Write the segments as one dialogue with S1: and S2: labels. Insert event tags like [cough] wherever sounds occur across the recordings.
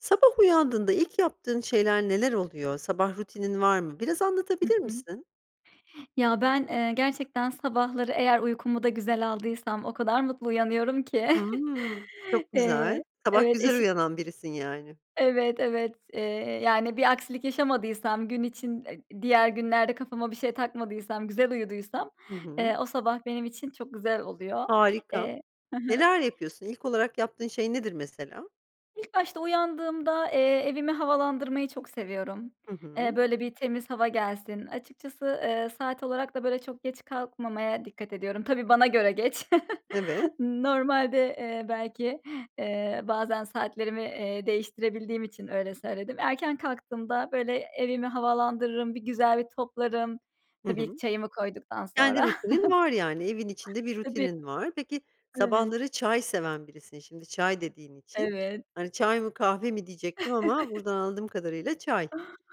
S1: Sabah uyandığında ilk yaptığın şeyler neler oluyor? Sabah rutinin var mı? Biraz
S2: Hı
S1: anlatabilir
S2: hı.
S1: misin?
S2: Ya, ben, eee, gerçekten sabahları eğer uykumu da güzel aldıysam o kadar mutlu uyanıyorum ki. [chuckles]
S1: Hımm, çok güzel.
S2: Eee
S1: Sabah
S2: Evet,
S1: güzel
S2: eşi
S1: uyanan birisin yani.
S2: Evet, evet, eee, yani, bir aksilik yaşamadıysam gün için e diğer günlerde kafama bir şey takmadıysam güzel uyuduysam,
S1: Hı hı.
S2: eee, o sabah benim için çok güzel oluyor.
S1: Harika.
S2: Eee Hı hı.
S1: Neler yapıyorsun, ilk olarak yaptığın şey nedir mesela?
S2: İlk başta uyandığımda, eee, evimi havalandırmayı çok seviyorum.
S1: Hı
S2: Eee,
S1: hı.
S2: böyle bir temiz hava gelsin. Açıkçası, eee, saat olarak da böyle çok geç kalkmamaya dikkat ediyorum. Tabii, bana göre geç. [chuckles]
S1: Evet.
S2: Normalde, eee, belki, eee, bazen saatlerimi, eee, değiştirebildiğim için öyle söyledim. Erken kalktığımda, böyle, evimi havalandırırım, bir güzel bir toplarım.
S1: Hı
S2: Tabii ki
S1: hı.
S2: çayımı koyduktan sonra.
S1: Kendi rutinin var yani, evin içinde
S2: [chuckles]
S1: bir
S2: Tabii.
S1: rutinin var. Peki
S2: Evet.
S1: sabahları çay seven birisin, şimdi çay dediğin için,
S2: Evet.
S1: hani, çay mı kahve mi diyecektim ama
S2: [chuckles]
S1: buradan anladığım kadarıyla çay.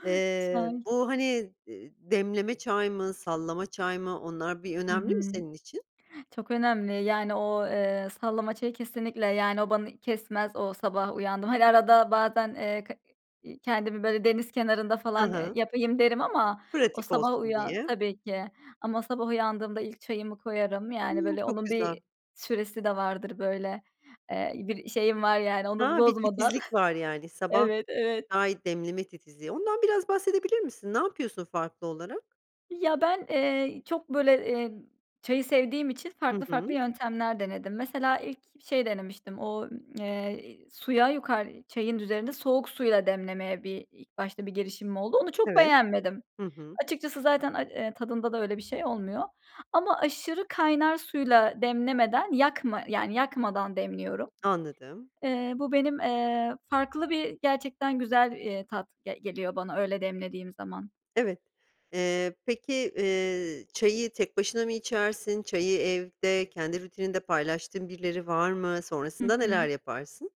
S1: Eee,
S2: Çay.
S1: bu, hani, eee, demleme çay mı, sallama çay mı, onlar bir
S2: Hı
S1: önemli mi
S2: hı.
S1: senin için?
S2: Çok önemli yani o, eee, sallama çayı kesinlikle yani, o bani kesmez o. Sabah uyandım hani, arada bazen, eee, k i kendimi böyle deniz kenarında
S1: Hı
S2: falan, eee,
S1: hı.
S2: yapayım derim ama o
S1: Pratik
S2: sabah
S1: olsun
S2: uyan
S1: diye.
S2: Tabii ki. Ama sabah uyandığımda ilk çayımı koyarım, yani,
S1: Hımm,
S2: böyle,
S1: çok
S2: onun
S1: güzel.
S2: bir süresi de vardır böyle, eee, bir şeyim var, yani, onu
S1: Ha, bir
S2: bozmadan.
S1: titizlik var yani,
S2: [chuckles]
S1: sabah
S2: Evet, evet.
S1: çay demleme titizliği. Ondan biraz bahsedebilir misin? Ne yapıyorsun farklı olarak?
S2: Ya ben, eee, y çok böyle, emm, çayı sevdiğim için
S1: Hı
S2: farklı farklı
S1: hı.
S2: yöntemler denedim. Mesela ilk bi şey denemiştim. O, ımm, eee, iii, suya yukar eee, çayın üzerinde soğuk suya demlemeye i ilk başta bir girişimim oldu. Onu çok
S1: Evet.
S2: beğenmedim.
S1: Hı hı.
S2: Açıkçası zaten ay eee, tadında da öyle bir şey olmuyor ama aşırı kaynar suyla demlemeden, yakma yani, yakmadan demliyorum.
S1: Anladım.
S2: Eee, bu benim, eee, farklı bir gerçekten güzel, eee, tat ge geliyor bana, öyle demlediğim zaman.
S1: Evet, eee, peki, eee, çayı tek başına mı içersin? Çayı evde, kendi rutininde paylaştığın birileri var mı?
S2: Hı
S1: Sonrasında neler
S2: hı.
S1: yaparsın?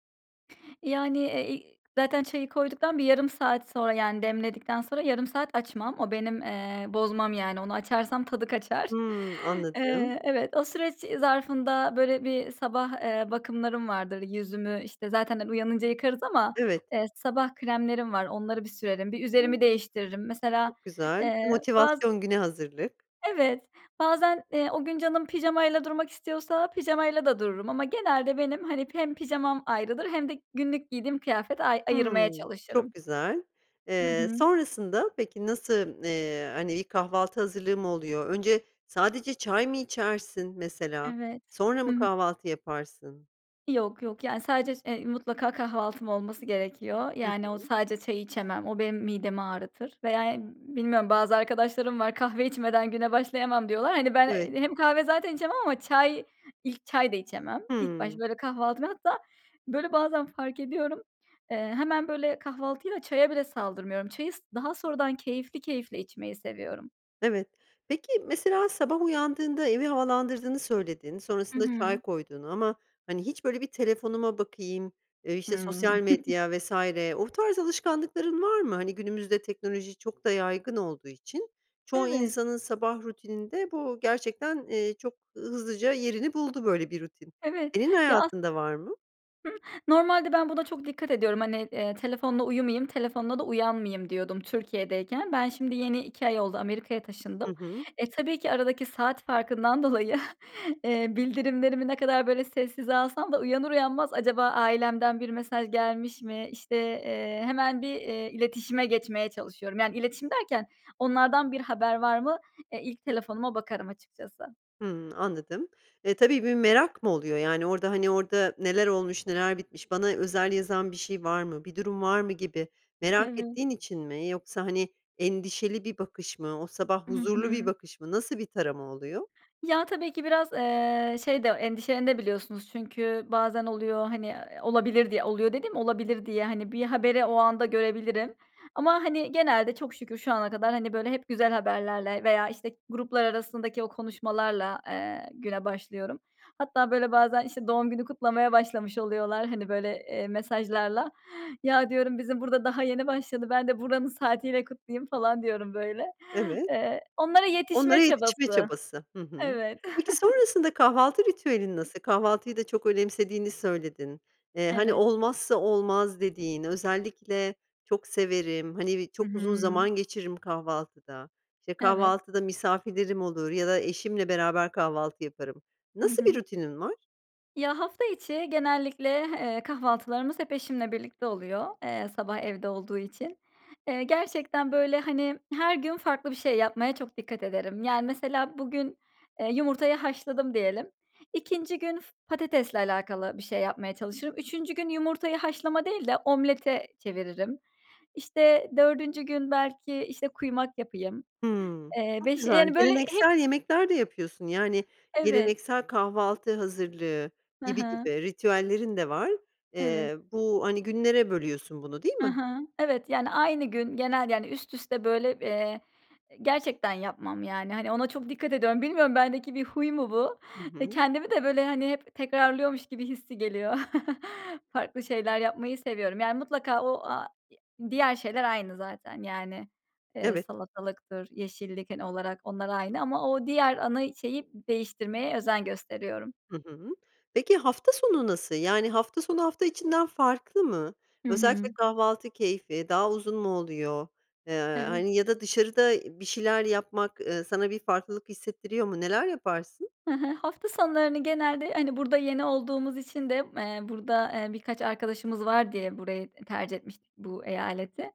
S2: Yani, eee, iii, zaten çayı koyduktan bir yarım saat sonra, yani, demledikten sonra yarım saat açmam. O benim, eee, bozmam yani. Onu açarsam tadı kaçar.
S1: Hımm. Anladım.
S2: Eee, evet o süreç e zarfında böyle bir sabah, eee, bakımlarım vardır. Yüzümü işte, zaten he uyanınca yıkarız ama,
S1: Evet.
S2: eee, sabah kremlerim var, onları bir sürerim, bir üzerimi
S1: [unintelligible]
S2: değiştiririm. Mesela,
S1: Çok güzel. Bir
S2: eee, baz
S1: motivasyon, güne hazırlık.
S2: Evet bazen, eee, o gün canım pijamayla durmak istiyorsa pijamayla da dururum ama genelde, benim hani hem pijamam ayrıdır hem de günlük giydiğim kıyafet ay ayırmaya
S1: Hımm, çok
S2: çalışırım.
S1: güzel,
S2: Hı
S1: eee,
S2: hı.
S1: sonrasında peki nasıl m n eee, hani, ilk kahvaltı hazırlığı mı oluyor, önce sadece çay mı içersin mesela,
S2: Evet.
S1: sonra mı
S2: Hı hı.
S1: kahvaltı yaparsın?
S2: Yok, yok yani sadece ş eee, mutlaka kahvaltım olması gerekiyor.
S1: Hı
S2: Yani o
S1: hı.
S2: sadece çay içemem. O benim midemi ağrıtır veya, emm, bilmiyorum bazı arkadaşlarım var, "Kahve içmeden güne başlayamam." diyorlar. Hani ben,
S1: Evet.
S2: eee, hem kahve zaten içemem ama çay, ilk çay da içemem. İlk başta
S1: Hımm.
S2: böyle kahvaltı ve hatta böyle bazen fark ediyorum, eee, hemen böyle kahvaltıyla çaya bile saldırmıyorum. Çayı s daha sonradan keyifli keyifli içmeyi seviyorum.
S1: Evet. Peki, mesela sabah uyandığında, evi havalandırdığını söyledin,
S2: Hı
S1: sonrasında çay
S2: hı.
S1: koyduğunu ama hani hiç böyle, "Telefonuma bakayım.", ııı, işte
S2: Hıı.
S1: sosyal
S2: [chuckles]
S1: medya vs. o tarz alışkanlıkların var mı? Hani günümüzde teknoloji çok da yaygın olduğu için çoğu
S2: Evet.
S1: insanın sabah rutininde bu gerçekten, eee, çok hızlıca yerini buldu, böyle bir rutin.
S2: Evet,
S1: Senin
S2: ya as
S1: hayatında var mı?
S2: Hı. Normalde ben buna çok dikkat ediyorum. Hani, eee, telefonla uyumıyım, telefonla da uyanmayım diyordum Türkiye'deyken. Ben şimdi, yeni 2 ay oldu Amerika'ya
S1: Hı
S2: taşındım.
S1: hı.
S2: E, tabii ki aradaki saat farkından dolayı, eee, bildirimlerimi ne kadar böyle sessize alsam da uyanır uyanmaz, acaba ailemden bir mesaj gelmiş mi, işte, eee, hemen bir, eee, iletişime geçmeye çalışıyorum. Yani iletişim derken onlardan bir haber var mı? E, ilk telefonuma bakarım açıkçası.
S1: Hıı, anladım. E, tabii bir merak mı oluyor? Yani orada, hani, orada neler olmuş, neler bitmiş, bana özel yazan bir şey var mı, bir durum var mı gibi merak
S2: Eve
S1: ettiğin için mi? Yoksa hani, endişeli bir bakış mı, o sabah
S2: Hı
S1: huzurlu bir
S2: hı.
S1: bakış mı, nasıl bir tarama oluyor?
S2: Ya tabii ki biraz, eee, şey de, endişelenebiliyorsunuz da. Çünkü bazen oluyor hani, eee, olabilir diye oluyor dediğim olabilir diye, hani, bir haberi o anda görebilirim ama hani, genelde çok şükür şu ana kadar hani böyle hep güzel haberlerle veya işte, gruplar arasındaki o konuşmalarla, eee, güne başlıyorum. Hatta böyle, bazen işte, doğum günü kutlamaya başlamış oluyorlar hani böyle, eee, mesajlarla. Ya diyorum bizim burada daha yeni başladı, ben de buranın saatiyle kutlayayım falan diyorum böyle.
S1: Evet.
S2: Eee, onlara
S1: Onlara
S2: yetişme
S1: yetişme
S2: çabası.
S1: çabası. Hı hı.
S2: Evet.
S1: Peki
S2: [chuckles]
S1: sonrasında kahvaltı ritüelin nasıl? Kahvaltıyı da çok önemsediğini söyledin. Eee, hani,
S2: Evet.
S1: olmazsa olmaz dediğin, özellikle çok severim, hani bi
S2: Hı
S1: çok uzun
S2: hı.
S1: zaman geçiririm kahvaltıda, işte
S2: Evet.
S1: kahvaltıda misafirlerim olur ya da eşimle beraber kahvaltı yaparım.
S2: Hı
S1: Nasıl bir
S2: hı.
S1: rutinin var?
S2: Ya, hafta içi genellikle, eee, kahvaltılarımız hep eşimle birlikte oluyor, eee, sabah evde olduğu için. Eee, gerçekten böyle hani, her gün farklı bir şey yapmaya çok dikkat ederim. Yani mesela bugün, eee, yumurtayı haşladım diyelim, 2. gün f patatesle alakalı bir şey yapmaya çalışırım, 3. gün yumurtayı haşlama değil de omlete çeviririm. İşte 4. gün belki işte kuymak yapayım.
S1: Hıı,
S2: Eee,
S1: çok
S2: beşi
S1: güzel.
S2: yani böyle hep
S1: Geleneksel yemekler de yapıyorsun. Yani,
S2: Evet.
S1: geleneksel kahvaltı hazırlığı
S2: Hı
S1: gibi
S2: hı.
S1: gibi ritüellerin de var.
S2: Evet.
S1: Eee, bu hani günlere bölüyorsun bunu, değil
S2: Hı
S1: mi?
S2: hı. Evet yani, aynı gün, genel yani üst üste böyle, eee, gerçekten yapmam yani hani, ona çok dikkat ediyorum. Bilmiyorum bendeki bir huy mu bu?
S1: Hı
S2: Eee,
S1: hı.
S2: kendimi de böyle hani hep tekrarlıyormuş gibi hissi geliyor. [chuckles] Farklı şeyler, yapmayı seviyorum. Yani mutlaka o a ya diğer şeyler aynı zaten. Yani, eee,
S1: Evet.
S2: salatalıktır, yeşillik hani, olarak. Onlar aynı ama o diğer ana şeyi, değiştirmeye özen gösteriyorum.
S1: Hı hı, peki hafta sonu nasıl? Yani hafta sonu, hafta içinden farklı mı?
S2: Hı
S1: Özellikle
S2: hı.
S1: kahvaltı keyfi, daha uzun mu oluyor? Eee,
S2: Evet.
S1: hani ya da dışarıda bir şeyler yapmak, ııı, sana bir farklılık hissettiriyor mu? Neler yaparsın?
S2: Hı hı. Hafta sonlarını genelde, hani, burada yeni olduğumuz için de, eee, burada, eee, birkaç arkadaşımız var diye burayı tercih etmiştik bu eyaleti.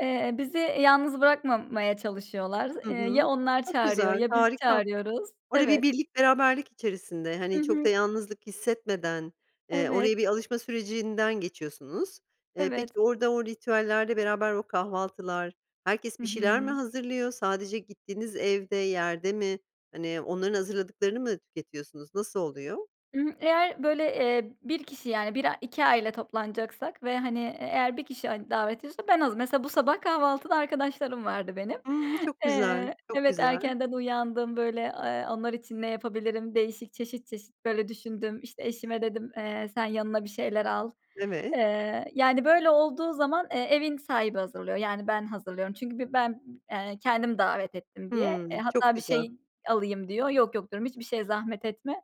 S2: Eee, bizi, yalnız bırakmamaya çalışıyorlar.
S1: Hı
S2: Eee,
S1: hı,
S2: ya onlar
S1: çok
S2: çağırıyor
S1: güzel,
S2: ya biz
S1: harika.
S2: çağırıyoruz.
S1: Orada bir
S2: Evet.
S1: birlik beraberlik içerisinde,
S2: Hı
S1: hani çok da
S2: hı.
S1: yalnızlık hissetmeden, eee,
S2: Evet.
S1: oraya bir alışma sürecinden geçiyorsunuz. Eee,
S2: Evet.
S1: peki orada, o ritüellerde beraber o kahvaltılar, herkes
S2: Hı
S1: bir şeyler mi
S2: hı.
S1: hazırlıyor? Sadece gittiğiniz evde, yerde mi, hani onların hazırladıklarını mı tüketiyorsunuz, nasıl oluyor?
S2: I hı, eğer, böyle, eee, 1 kişi yani 1 a 2 aile toplanacaksak ve, hani, e eğer 1 kişi, hani, davet ediyorsa ben az mesela bu sabah, kahvaltıda arkadaşlarım vardı benim.
S1: Hımm. Çok güzel,
S2: Eee,
S1: çok
S2: evet,
S1: güzel.
S2: erkenden uyandım, böyle, eee, onlar için ne yapabilirim? Değişik, çeşit çeşit, böyle, düşündüm, işte, eşime dedim, eee, sen yanına bir şeyler al.
S1: Evet.
S2: Eee, yani, böyle, olduğu zaman, eee, evin sahibi hazırlıyor, yani, ben hazırlıyorum çünkü bi ben, b eee, kendim davet ettim diye. Eee,
S1: Hımm. Çok
S2: hatta bir
S1: güzel.
S2: şey alayım diyor. Yok yok diyorum, hiçbir şeye zahmet etme,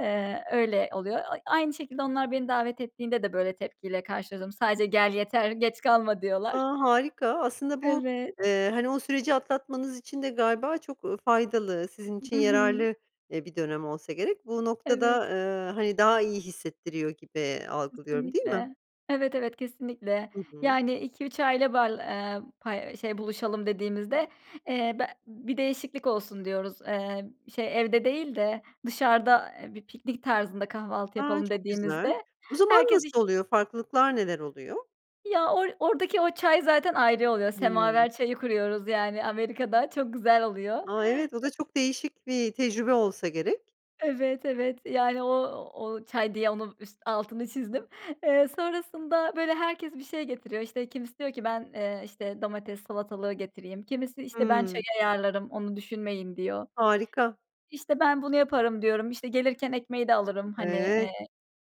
S2: eee, öyle oluyor. A aynı şekilde onlar beni davet ettiğinde de, böyle, tepki ile karşıla zom sadece gel yeter, geç kalma
S1: A!
S2: diyorlar.
S1: Harika. Aslında bu,
S2: Evet.
S1: eee, hani, o süreci atlatmanız için de galiba çok, ııı, faydalı, sizin için
S2: Hı hı.
S1: yararlı, eee, bir dönem olsa gerek. Bu
S2: Evet.
S1: noktada, eee, hani, daha iyi hissettiriyor gibi algılıyorum, değil mi?
S2: Kesinlikle. Evet, evet, kesinlikle.
S1: Hı hı.
S2: Yani 2-3 aile bal ııı, pay eee, şey buluşalım dediğimizde, eee, be bir değişiklik olsun diyoruz. Eee, şey, evde değil de dışarıda, bir piknik tarzında kahvaltı
S1: A!
S2: yapalım
S1: Çok güzel.
S2: dediğimizde
S1: O zaman
S2: herkes iş
S1: nasıl oluyor, farklılıklar neler oluyor?
S2: Ya or oradaki o çay zaten ayrı oluyor,
S1: Hımm.
S2: semaver çayı kuruyoruz, yani, Amerika'da çok güzel oluyor.
S1: A! Evet, o da çok değişik bir tecrübe olsa gerek.
S2: Evet, evet, yani, o o çay diye onun üst altını çizdim. Eee, sonrasında, böyle, herkes bir şey getiriyor, işte, kimisi diyor ki ben, eee, işte, domates salatalığı getireyim. Kimisi, işte, ben çayı
S1: Hımm.
S2: ayarlarım onu düşünmeyin diyor.
S1: Harika.
S2: İşte, ben bunu yaparım diyorum, işte, gelirken ekmeği de alırım, hani,
S1: Evet.
S2: eee,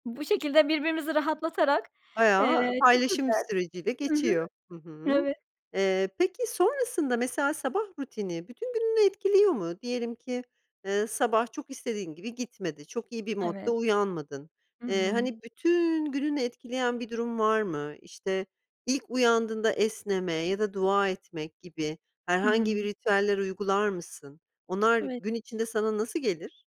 S2: bu şekilde birbirimizi rahatlatarak,
S1: Bayağı
S2: eee, çok
S1: paylaşım
S2: güzel.
S1: süreciyle,
S2: Hı hı.
S1: geçiyor. Hı hı.
S2: Evet.
S1: Eee, peki sonrasında, mesela sabah rutini bütün gününü etkiliyor mu? Diyelim ki, eee, sabah çok istediğin gibi gitmedi, çok iyi bir modda
S2: Evet.
S1: uyanmadın.
S2: Hı
S1: Eee,
S2: hı.
S1: hani, bütün gününü etkileyen bir durum var mı? İşte, ilk uyandığında esneme ya da dua etmek gibi
S2: Hı hı.
S1: herhangi bir ritüeller uygular mısın? Onlar
S2: Eve
S1: gün içinde sana nasıl gelir?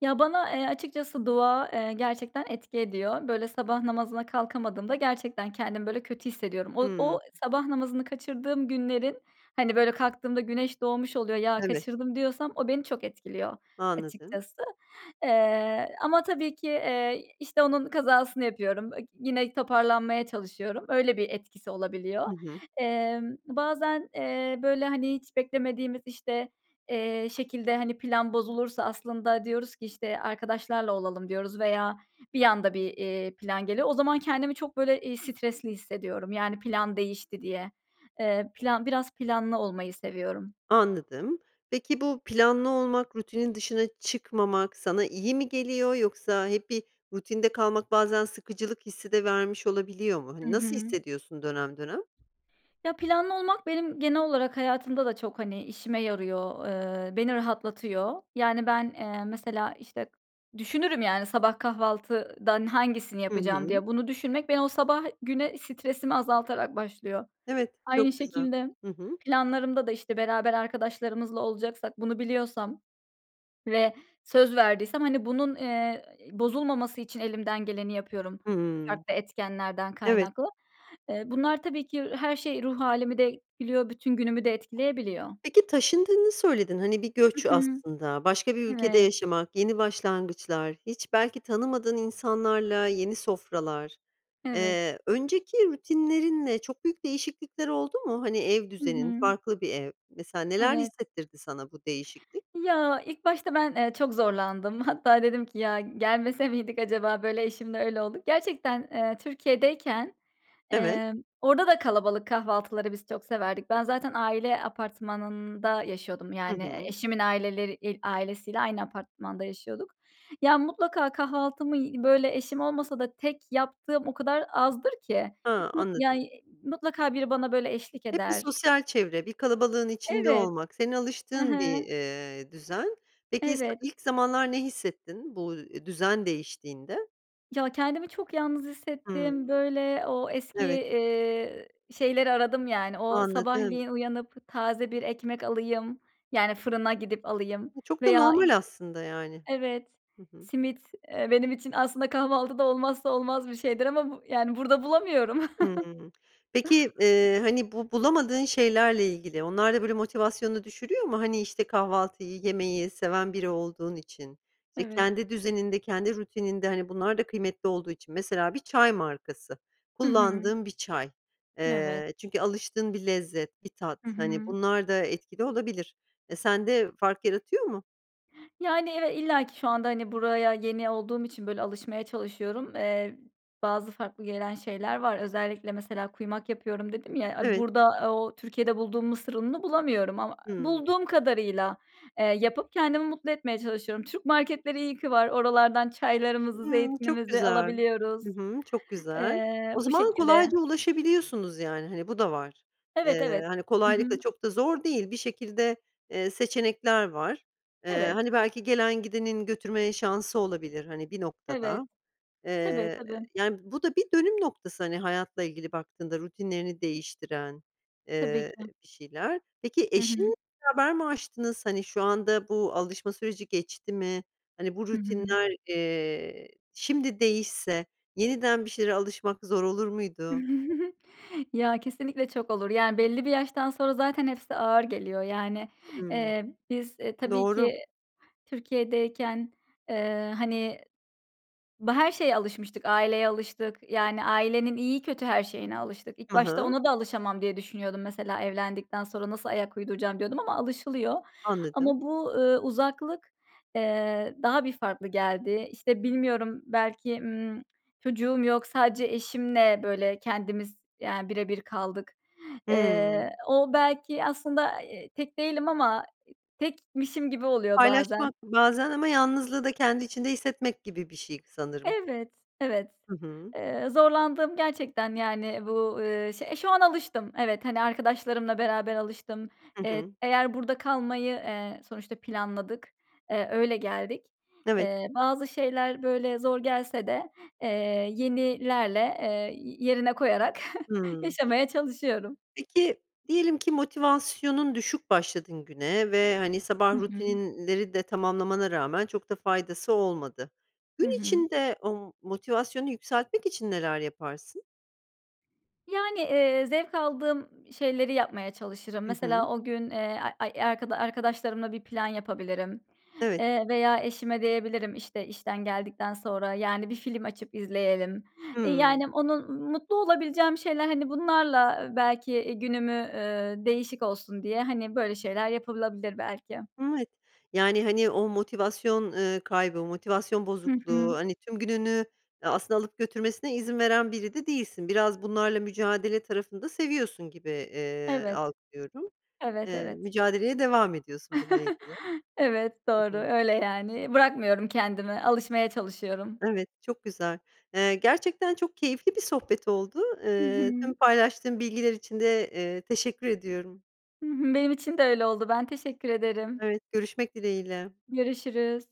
S2: Ya, bana, eee, açıkçası dua, eee, gerçekten etki ediyor. Böyle, sabah namazına kalkamadığımda, gerçekten kendimi böyle kötü hissediyorum. O
S1: Hımm.
S2: o sabah namazını kaçırdığım günlerin, hani, böyle kalktığımda güneş doğmuş oluyor, ya
S1: Evet.
S2: kaçırdım, diyorsam, o beni çok etkiliyor,
S1: Anladım.
S2: açıkçası. Eee, ama tabii ki, eee, işte, onun kazasını yapıyorum [unintelligible] yine toparlanmaya çalışıyorum. Öyle bir etkisi olabiliyor.
S1: Hı hı.
S2: Emm, bazen, eee, böyle, hani, hiç beklemediğimiz, işte, eee, şekilde, hani, plan bozulursa aslında, diyoruz ki, işte, arkadaşlarla olalım diyoruz veya bir anda bir, eee, plan geliyor. O zaman kendimi çok böyle, iii, stresli hissediyorum, yani, plan değişti diye. Eee, plan biraz, planlı olmayı seviyorum.
S1: Anladım, peki bu, planlı olmak, rutinin dışına çıkmamak sana iyi mi geliyor yoksa hep bir, rutinde kalmak bazen sıkıcılık hissi de vermiş olabiliyor mu?
S2: Hı
S1: Hani nasıl
S2: hı.
S1: hissediyorsun dönem dönem?
S2: Ya, planlı olmak, benim genel olarak, hayatımda da çok, hani, işime yarıyor, eee, beni rahatlatıyor. Yani, ben, eee, mesela, işte, düşünürüm, yani, sabah kahvaltıdan hangisini
S1: Hı
S2: yapacağım
S1: hı.
S2: diye. Bunu düşünmek, beni o sabah güne stresimi azaltarak başlıyor.
S1: Evet,
S2: Aynı
S1: çok güzel.
S2: şekilde,
S1: Hı hı.
S2: planlarımda da, işte, beraber arkadaşlarımızla olacaksak bunu biliyorsam ve söz verdiysem, hani, bunun, eee, bozulmaması için elimden geleni yapıyorum
S1: Hımm.
S2: farklı etkenlerden
S1: Evet.
S2: kaynaklı. Eee, bunlar tabii ki her şey ruh hâlimi de etkiliyor, bütün günümü de etkileyebiliyor.
S1: Peki taşındığını söyledin. Hani, bir
S2: Hı
S1: göç
S2: hı.
S1: aslında, başka bir ülkede
S2: Evet.
S1: yaşamak, yeni başlangıçlar, hiç belki tanımadığın insanlarla, yeni sofralar,
S2: Evet.
S1: eee, önceki rutinlerinle çok büyük değişiklikler oldu mu? Hani, ev
S2: Hı
S1: düzenin,
S2: hı.
S1: farklı bir ev, mesela neler
S2: Evet.
S1: hissetirdi sana bu değişiklik?
S2: Ya, ilk başta ben, eee, çok zorlandım. Hatta dedim ki, “Ya, gelmese miydik acaba?” Böyle eşimle öyle olduk. Gerçekten, eee, Türkiye'deyken,
S1: Evet.
S2: eee, orada da kalabalık kahvaltıları biz çok severdik. Ben zaten, aile apartmanında yaşıyordum.
S1: Hı
S2: Yani,
S1: hı.
S2: eşimin aileler il ailesiyle aynı apartmanda yaşıyorduk. Ya, mutlaka kahvaltımı y böyle eşim olmasa da tek yaptığım o kadar azdır ki.
S1: Ha,
S2: Mut ya,
S1: anladım.
S2: mutlaka biri bana böyle, eşlik
S1: Hep bir
S2: eder.
S1: sosyal çevre, bir kalabalığın içinde
S2: Evet.
S1: olmak, senin
S2: Hı
S1: alıştığın bir,
S2: hı.
S1: eee, düzen. Peki, is
S2: Evet.
S1: ilk zamanlar ne hissettin bu, eee, düzen değiştiğinde?
S2: Ya, kendimi çok yalnız
S1: Hımm.
S2: hissettim. Böyle o eski,
S1: Evet.
S2: eee, şeyleri aradım yani o
S1: Anladım.
S2: sabahleyin uyanıp taze bir ekmek alayım, yani, fırına gidip alayım
S1: Çok da
S2: veya, işte
S1: normal aslında, yani.
S2: Evet.
S1: Hı hı.
S2: Simit, eee, benim için aslında kahvaltıda olmazsa olmaz bir şeydir ama bu yani, burada bulamıyorum. [chuckles]
S1: Hıı. Peki, eee, hani, bu bulamadığın şeylerle ilgili, onlar da, böyle, motivasyonunu düşürüyor mu? Hani, işte, kahvaltıyı, yemeyi seven biri olduğun için, işte,
S2: Evet.
S1: kendi düzeninde, kendi rutininde, hani, bunlar da kıymetli olduğu için; mesela bir çay markası,
S2: Hı hı.
S1: kullandığın bir çay.
S2: Evet.
S1: Eee, çünkü alıştığın bir lezzet, bir tat,
S2: Hı
S1: hani,
S2: hı.
S1: bunlar da etkili olabilir. E, sende fark yaratıyor mu?
S2: Yani, eve illaki şu anda, hani, buraya yeni olduğum için, böyle, alışmaya çalışıyorum. Eee, bazı farklı gelen şeyler var. Özellikle, mesela, kuymak yapıyorum dedim ya, aaa,
S1: Evet.
S2: burada o Türkiye'de bulduğum mısır ununu bulamıyorum ama
S1: Hıı.
S2: bulduğum kadarıyla, eee, yapıp kendimi mutlu etmeye çalışıyorum. Türk marketleri iyi ki var. Oralardan çaylarımızı,
S1: Hıı, çok
S2: zeytinimizi
S1: güzel.
S2: alabiliyoruz.
S1: Hı hı, çok güzel.
S2: Eee,
S1: O
S2: bu
S1: zaman
S2: şekilde.
S1: kolayca ulaşabiliyorsunuz, yani, hani, bu da var.
S2: Evet,
S1: Eee,
S2: evet.
S1: hani,
S2: Hı
S1: kolaylıkla,
S2: hı.
S1: çok da zor değil, bir şekilde, eee, seçenekler var. Eee,
S2: Evet.
S1: hani, belki gelen gidenin götürme şansı olabilir, hani, bir noktada.
S2: Evet. Tabii,
S1: Eee, eee,
S2: tabii.
S1: yani, bu da bir dönüm noktası, hani, hayatla ilgili baktığında rutinlerini değiştiren,
S2: Tabii
S1: eee,
S2: ki.
S1: bir şeyler. Peki,
S2: Hı hı.
S1: eşin [unintelligible] mi aştınız? Hani, şu anda bu alışma süreci geçti mi? Hani, bu
S2: Hı hı.
S1: rutinler, eee, şimdi değişse, yeniden bir şeylere alışmak zor olur muydu?
S2: [giggles] Ya, kesinlikle çok olur. Yani, belli bir yaştan sonra zaten hepsi ağır geliyor, yani.
S1: Hımm.
S2: Eee, biz, e, tabii
S1: Doğru.
S2: ki Türkiye'deyken, eee, hani, ba her şeye alışmıştık. Aileye alıştık yani ailenin iyi, kötü her şeyine alıştık. İlk
S1: Hı
S2: başta
S1: hı.
S2: ona da alışamam diye düşünüyordum. Mesela, evlendikten sonra nasıl ayak uyduracağım diyordum ama alışılıyor. Ama
S1: Anladım.
S2: bu, ııı, uzaklık, eee, daha bir farklı geldi. İşte, bilmiyorum, belki, ımm, çocuğum yok, sadece eşimle, böyle, kendimiz yani bire bir kaldık.
S1: Hıı.
S2: Eee, o belki aslında, eee, tek değilim ama tekmişim gibi oluyor bazen.
S1: Paylaşmak bazen ama yalnızlığı da kendi içinde hissetmek gibi bir şey sanırım.
S2: Evet, evet.
S1: Hı hı.
S2: Eee, zorlandığım gerçekten yani bu, ııı, şey eee, şu an alıştım, evet, hani, arkadaşlarımla beraber alıştım.
S1: Hı
S2: Eee,
S1: hı.
S2: eğer burada kalmayı, eee, sonuçta planladık, eee, öyle geldik.
S1: Evet.
S2: Eee, bazı şeyler böyle zor gelse de, eee, yenilerle, eee, y yerine koyarak [chuckles]
S1: Hıı.
S2: yaşamaya çalışıyorum.
S1: Peki diyelim ki motivasyonun düşük başladın güne ve, hani,
S2: Hı
S1: sabah
S2: hı.
S1: rutinleri de tamamlamana rağmen çok da faydası olmadı.
S2: Hı
S1: Gün
S2: hı.
S1: içinde o motivasyonu yükseltmek için neler yaparsın?
S2: Yani, eee, zevk aldığım şeyleri yapmaya çalışırım.
S1: Hı hı.
S2: Mesela o gün, eee, ay ay arkada arkadaşlarımla bir plan yapabilirim.
S1: Evet.
S2: Eee, veya eşime diyebilirim, işte, işten geldikten sonra, yani, bir film açıp izleyelim. E,
S1: Hıı.
S2: yani, onun m mutlu olabileceğim şeyler, hani, bunlarla belki, eee, günümü, eee, değişik olsun diye, hani, böyle şeyler yapılabilir belki.
S1: Evet. Yani, hani, o motivasyon, ııı, kaybı, motivasyon
S2: Hı
S1: bozukluğu,
S2: hı.
S1: hani, tüm gününü a aslında alıp götürmesine izin veren biri de değilsin. Biraz bunlarla mücadele tarafını da seviyorsun gibi, eee,
S2: Evet.
S1: algılıyorum.
S2: Evet,
S1: Eee,
S2: evet.
S1: mücadeleye devam ediyorsun bununla
S2: [chuckles]
S1: ilgili.
S2: Evet,
S1: Hı
S2: doğru,
S1: hı.
S2: öyle, yani. Bırakmıyorum kendimi, alışmaya çalışıyorum.
S1: Evet, çok güzel. Eee, gerçekten çok keyifli bir sohbet oldu.
S2: Hı
S1: Iıı,
S2: hı.
S1: tüm paylaştığın bilgiler için de, eee, teşekkür ediyorum.
S2: Hı hı. Benim için de öyle oldu. Ben teşekkür ederim.
S1: Evet. Görüşmek dileğiyle.
S2: Görüşürüz.